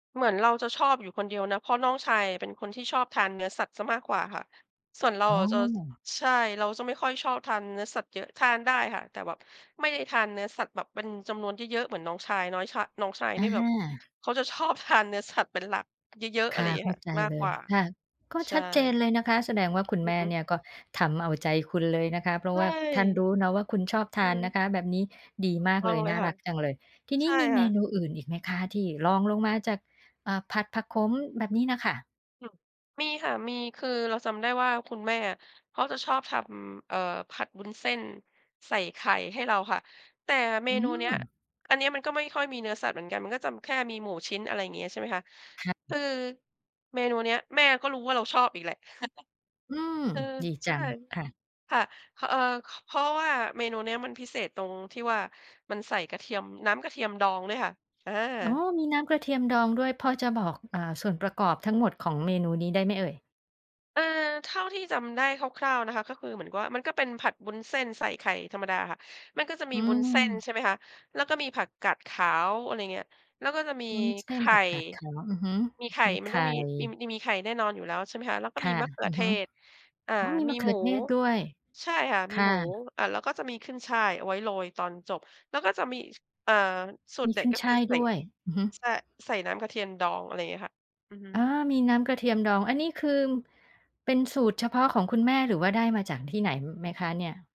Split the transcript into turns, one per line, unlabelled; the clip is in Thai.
เหมือนเราจะชอบอยู่คนเดียวนะ เพราะน้องชายเป็นคนที่ชอบทานเนื้อสัตว์เสียมากกว่าค่ะ ส่วนเรา
อ๋
อ
อ
ะจะ ใช่ เราจะไม่ค่อยชอบทานเนื้อสัตว์เยอะ ทานได้ค่ะ แต่แบบไม่ได้ทานเนื้อสัตว์แบบเป็นจำนวนเยอะ ๆ เหมือนน้องชาย น้อยชาย น้องชาย
อ
น
ะ
ี่แ
ฮ
บบ
ะ
เขาจะชอบทานเนื้อสัตว์เป็นหลัก เยอะ ๆ อ
ค
ะไร
่
อย
ะ
่างเง
เ
ี้
ข
ย
้า
ค่ะ
ใจ
มาก
เล
ก
ย
ว่า
ค่ะ ก็
ใช
ชัดเจน
่
เลยนะคะ แสดงว่าคุณ
อื
แม
อ
่
ฮึ
เนี่ยก็ทำเอาใจคุณเลยนะคะ เพรา
ใช
ะว่าท่านร
่
ู้เนาะว่าคุณชอบท
อื
า
อฮ
นน
ึ
ะคะ แบบนี้ดี
ถูก
มาก
ต้อ
เล
ง
ย
เล
น
ย
่า
ค่
ร
ะ
ักจังเลย ทีน
ใช
ี้
่
มีเ
ค
ม
่ะ
นูอื่นอีกไหมคะที่รองลงมาจาก อ่า ผัดผักขม แบบนี้น่ะค่ะ?
อืม มีค่ะ มี คือเราจำได้ว่าคุณแม่อะเขาจะชอบทำ เอ่อ ผัดวุ้นเส้นใส่ไข่ให้เราค่ะ แต่เม
อื
นูเนี้ย
ม
อันเนี้ยมันก็ไม่ค่อยมีเนื้อสัตว์เหมือนกัน มันก็จะ ม แค่มีหมู่ชิ้น อะไรอย่างเงี้ย ใช่ไหมคะ
ค่
ต
ะ
ือ เมนูเนี้ยแม่ก็รู้ว่าเราชอบอีกแหละ
อืม
เออ
ดี
ใ
จ
ช
ั
่
งค่ะ
ค่ะ ค เอ่อ เพราะว่าเมนูเนี้ยมันพิเศษตรงที่ว่ามันใส่กระเทียม น้ำกระเทียมดองด้วยค่ะ อ
อ๋อ
า
มีน้ำกระเทียมดองด้วย พอจะบอก อ่า ส่วนประกอบทั้งหมดของเมนูนี้ได้ไหมเอ่ย?
เออ เท่าที่จำได้คร่าว ๆ นะคะ ก็คือเหมือนว่า มันก็เป็นผัดวุ้นเส้นใส่ไข่ธรรมดาค่ะ มันก็จะมี
อื
วุ้นเส้น
ม
ใช่ไหมคะ แล้วก็มีผักกาดขาว อะไรเงี้ย แล้วก็จะมี
วุ้นเส
ไข
้น
่
ผักกาดขาว อือฮึ
มีไข่
มี
ม
ไ
ัน
ข
ต้อ
่
งมี อิ อิ มีไข่แน่นอนอยู่แล้ว ใช่ไหมคะ แล้วก็
ค
มี
่ะ
มะเขื
อ
อ
ือ
เท
ฮึ
ศ อ่า
อ๋อ มี
ม
ม
ี
ะเข
ห
ื
มู
อเทศด้วย
ใช่ค่ะ
ค
มี
่
หมู
ะ
อา แล้วก็จะมีขึ้นฉ่ายเอาไว้โรยตอนจบ แล้วก็จะมี ส อ่า สู
ม
ตร
ี
เด็
ข
ด
ึ้น
ก็
ฉ
คื
่
อ
าย
ใส่
ด้วย อือฮึ
ใช่ ใส่น้ำกระเทียนดอง อะไรอย่างเงี้ยค่ะ อือฮึ
อา มีน้ำกระเทียมดอง อันนี้คือเป็นสูตรเฉพาะของคุณแม่ หรือว่าได้มาจากที่ไหน ม ไหมคะเนี่ย?